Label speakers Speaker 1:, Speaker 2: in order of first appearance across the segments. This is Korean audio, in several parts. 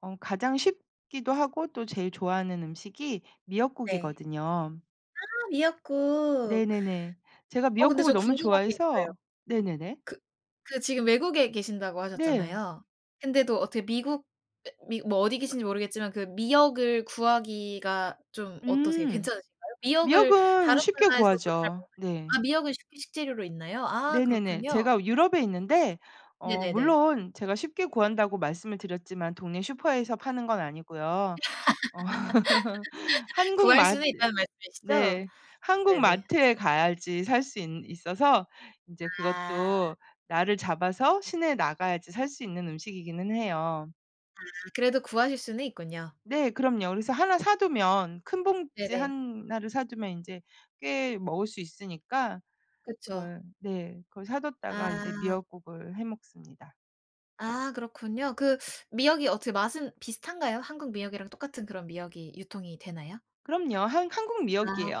Speaker 1: 어 가장 쉽기도 하고 또 제일 좋아하는 음식이
Speaker 2: 네.
Speaker 1: 미역국이거든요.
Speaker 2: 아 미역국.
Speaker 1: 네네네. 제가
Speaker 2: 어 근데
Speaker 1: 미역국을
Speaker 2: 저
Speaker 1: 너무
Speaker 2: 궁금한 게 있어요.
Speaker 1: 좋아해서 네네네.
Speaker 2: 그 그 지금 외국에 계신다고
Speaker 1: 네.
Speaker 2: 하셨잖아요. 근데도 어떻게 미국 [unintelligible] 미 뭐 어디 계신지 모르겠지만 그 미역을 구하기가 좀 어떠세요?
Speaker 1: 음.
Speaker 2: 괜찮으신가요? 미역을
Speaker 1: 미역은
Speaker 2: 다른
Speaker 1: 쉽게
Speaker 2: 나라에서도 잘
Speaker 1: 구하죠. 네.
Speaker 2: [unintelligible] 미역은 식 식재료로 있나요? 아
Speaker 1: 네네네.
Speaker 2: 그렇군요.
Speaker 1: 제가 유럽에 있는데 어
Speaker 2: 네네네.
Speaker 1: 물론 제가 '쉽게 구한다.'고 말씀을 드렸지만 동네 슈퍼에서 파는 건 아니고요. 한국
Speaker 2: '구할
Speaker 1: 맛
Speaker 2: 수는 있다.'는 말씀이시죠?
Speaker 1: 네 한국
Speaker 2: 네네.
Speaker 1: 마트에 가야지 살 수 있 있어서 인제
Speaker 2: 아.
Speaker 1: 그것도 날을 잡아서 시내에 나가야지 살 수 있는 음식이기는 해요.
Speaker 2: 아 그래도 구하실 수는 있군요.
Speaker 1: 네 그럼요. 그래서 하나 사두면 큰 봉지
Speaker 2: 네네.
Speaker 1: 하나를 사두면 인제 꽤 먹을 수 있으니까
Speaker 2: 그쵸.
Speaker 1: 그걸 네. 그걸 사뒀다가 인제
Speaker 2: 아.
Speaker 1: 미역국을 해 먹습니다.
Speaker 2: 아 그렇군요. 그 미역이 어떻게 맛은 비슷한가요? 한국 미역이랑 똑같은 그런 미역이 유통이 되나요?
Speaker 1: 그럼요 한 한국
Speaker 2: 아.
Speaker 1: 미역이에요.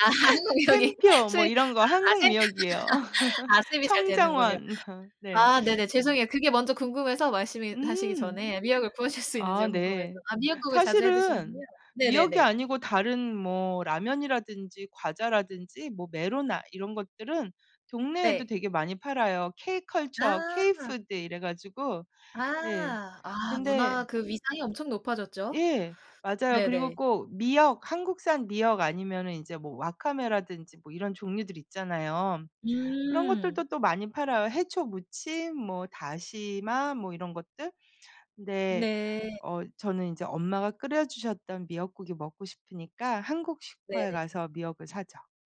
Speaker 2: 아 한국 미역이
Speaker 1: 샘표 뭐
Speaker 2: 수입
Speaker 1: 이런 거
Speaker 2: 아
Speaker 1: 한국
Speaker 2: 수입
Speaker 1: 미역이에요.
Speaker 2: 아 수입이 잘 되는군요.
Speaker 1: 청정원 네.
Speaker 2: 아 네네 죄송해요. 그게 먼저 궁금해서 말씀이 하시기
Speaker 1: 음.
Speaker 2: 전에 미역을 구하실 수 있는지
Speaker 1: 아
Speaker 2: 궁금해서
Speaker 1: 네
Speaker 2: 아 미역국을 자주 해 드시는군요.
Speaker 1: 사실은 미역이
Speaker 2: 네네네.
Speaker 1: 아니고 다른 뭐 라면이라든지 과자라든지 뭐 메로나 이런 것들은 동네에도
Speaker 2: 네.
Speaker 1: 되게 많이 팔아요. K-컬처
Speaker 2: 아.
Speaker 1: K-푸드 이래 가지고 네.
Speaker 2: 아. 아
Speaker 1: 근데
Speaker 2: 문화 그 위상이 엄청 높아졌죠.
Speaker 1: 예. 맞아요. 그리고
Speaker 2: 네네.
Speaker 1: 꼭 미역 한국산 미역 아니면은 인제 뭐 와카메라든지 뭐 이런 종류들 있잖아요. 그런
Speaker 2: 음.
Speaker 1: 것들도 또 많이 팔아요, 해초무침 뭐 다시마 뭐 이런 것들. 근데
Speaker 2: 네.
Speaker 1: 어 저는 인제 엄마가 끓여주셨던 미역국이 먹고 싶으니까 한국 슈퍼에
Speaker 2: 네네.
Speaker 1: 가서 미역을 사죠.